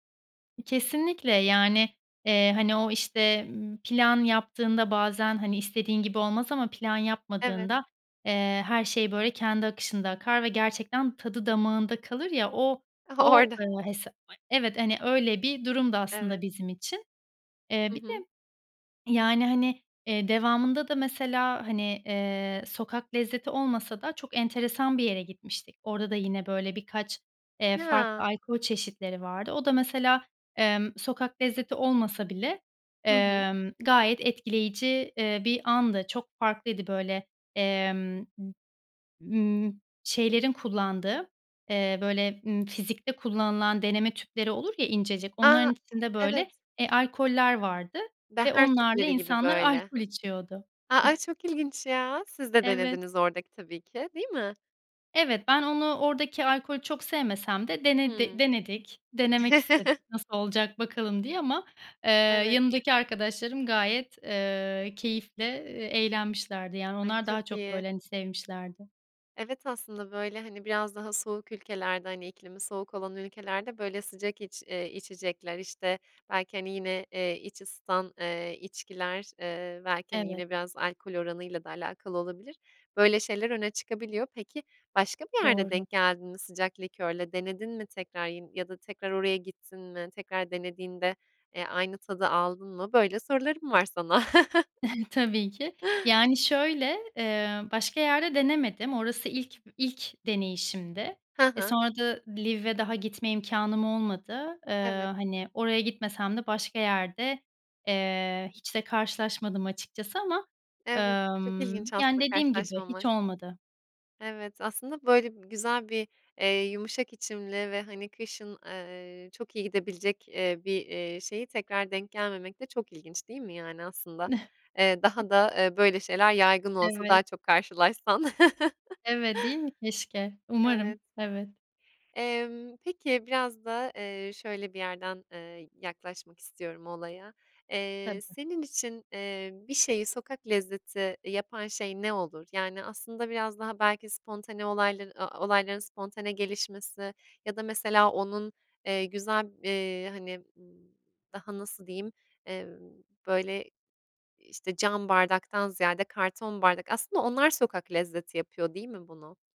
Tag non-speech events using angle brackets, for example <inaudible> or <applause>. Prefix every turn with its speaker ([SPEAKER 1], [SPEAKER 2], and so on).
[SPEAKER 1] Kesinlikle, yani, eee, hani, o işte, ımm, plan yaptığında bazen, hani, istediğin gibi olmaz ama plan
[SPEAKER 2] Evet.
[SPEAKER 1] yapmadığında, eee, her şey böyle kendi akışında akar ve gerçekten tadı damağında kalır ya, o o,
[SPEAKER 2] Orada.
[SPEAKER 1] ııı, hes <unintelligible> evet, hani, öyle bir durumdu aslında
[SPEAKER 2] Evet.
[SPEAKER 1] bizim için. Eee,
[SPEAKER 2] Hı
[SPEAKER 1] bir de
[SPEAKER 2] hı.
[SPEAKER 1] yani, hani, eee, devamında da mesela hani, eee, sokak lezzeti olmasa da çok enteresan bir yere gitmiştik. Orada da yine böyle birkaç, eee, farklı
[SPEAKER 2] Yaa.
[SPEAKER 1] alkol çeşitleri vardı. O da mesela, emm, sokak lezzeti olmasa bile,
[SPEAKER 2] Hı hı.
[SPEAKER 1] emm, gayet etkileyici, eee, bir andı. Çok farklıydı böyle, emm, m ımm, şeylerin kullandığı, eee, böyle, ımm, fizikte kullanılan deneme tüpleri olur ya incecik,
[SPEAKER 2] A,
[SPEAKER 1] onların içinde böyle,
[SPEAKER 2] evet.
[SPEAKER 1] eee, alkoller vardı ve
[SPEAKER 2] Beher
[SPEAKER 1] onlarla
[SPEAKER 2] tüpleri gibi
[SPEAKER 1] insanlar
[SPEAKER 2] böyle.
[SPEAKER 1] alkol içiyordu.
[SPEAKER 2] A a,
[SPEAKER 1] <chuckles>
[SPEAKER 2] çok ilginç ya. Siz de
[SPEAKER 1] Evet.
[SPEAKER 2] denediniz oradaki tabii ki. Değil mi?
[SPEAKER 1] Evet, ben onu, oradaki alkolü çok sevmesem de denede
[SPEAKER 2] Hımm.
[SPEAKER 1] denedik. Denemek istedik
[SPEAKER 2] <chuckles>
[SPEAKER 1] nasıl olacak bakalım diye ama, eee,
[SPEAKER 2] Evet.
[SPEAKER 1] yanımdaki arkadaşlarım gayet, eee, keyifle, eee, eğlenmişlerdi. Yani,
[SPEAKER 2] Ay
[SPEAKER 1] onlar daha
[SPEAKER 2] çok
[SPEAKER 1] çok
[SPEAKER 2] iyi.
[SPEAKER 1] böyle, hani, sevmişlerdi.
[SPEAKER 2] Evet, aslında böyle, hani, biraz daha soğuk ülkelerde, hani, iklimi soğuk olan ülkelerde böyle sıcak iç eee, içecekler, işte, belki, hani yine, eee, iç ısıtan, eee, içkiler, eee, belki, hani,
[SPEAKER 1] Evet.
[SPEAKER 2] yine biraz alkol oranıyla da alakalı olabilir. Böyle şeyler öne çıkabiliyor. Peki, başka bir yerde
[SPEAKER 1] Doğru.
[SPEAKER 2] denk geldin mi? Sıcak likörle denedin mi tekrar? Yin ya da tekrar oraya gittin mi? Tekrar denediğinde, eee, aynı tadı aldın mı? Böyle sorularım var sana. <chuckles>
[SPEAKER 1] <chuckles> Tabii ki. Yani, şöyle, eee, başka yerde denemedim. Orası ilk b ilk deneyişimdi.
[SPEAKER 2] Hı
[SPEAKER 1] E,
[SPEAKER 2] hı.
[SPEAKER 1] sonra da Lviv'e daha gitme imkânım olmadı. Iıı,
[SPEAKER 2] Evet.
[SPEAKER 1] hani, oraya gitmesem de başka yerde, eee, hiç de karşılaşmadım açıkçası ama,
[SPEAKER 2] Evet, çok
[SPEAKER 1] ımm,
[SPEAKER 2] ilginç
[SPEAKER 1] yani
[SPEAKER 2] aslında
[SPEAKER 1] dediğim gibi hiç
[SPEAKER 2] karşılaşmamak.
[SPEAKER 1] olmadı.
[SPEAKER 2] Evet, aslında böyle bi güzel bir, eee, yumuşak içimli ve, hani, kışın, eee, çok iyi gidebilecek, eee, bir, eee, şeyi tekrar denk gelmemek de çok ilginç değil mi, yani aslında, eee, daha
[SPEAKER 1] <chuckles>
[SPEAKER 2] da, eee, böyle şeyler yaygın olsa
[SPEAKER 1] Evet.
[SPEAKER 2] daha çok karşılaşsan.
[SPEAKER 1] Evet, değil mi keşke?
[SPEAKER 2] <chuckles>
[SPEAKER 1] Umarım.
[SPEAKER 2] Evet.
[SPEAKER 1] Evet.
[SPEAKER 2] Emm, peki, biraz da, eee, şöyle bir yerden, ııı, yaklaşmak istiyorum olaya. Eee,
[SPEAKER 1] Tabii.
[SPEAKER 2] senin için, eee, bir şeyi sokak lezzeti yapan şey ne olur? Yani, aslında biraz daha belki spontane olayları a olayların spontane gelişmesi ya da mesela onun, eee, güzel b eee, hani, b daha, nasıl diyeyim, eee, böyle, işte cam bardaktan ziyade karton bardak Aslında onlar sokak lezzeti yapıyor değil mi bunu?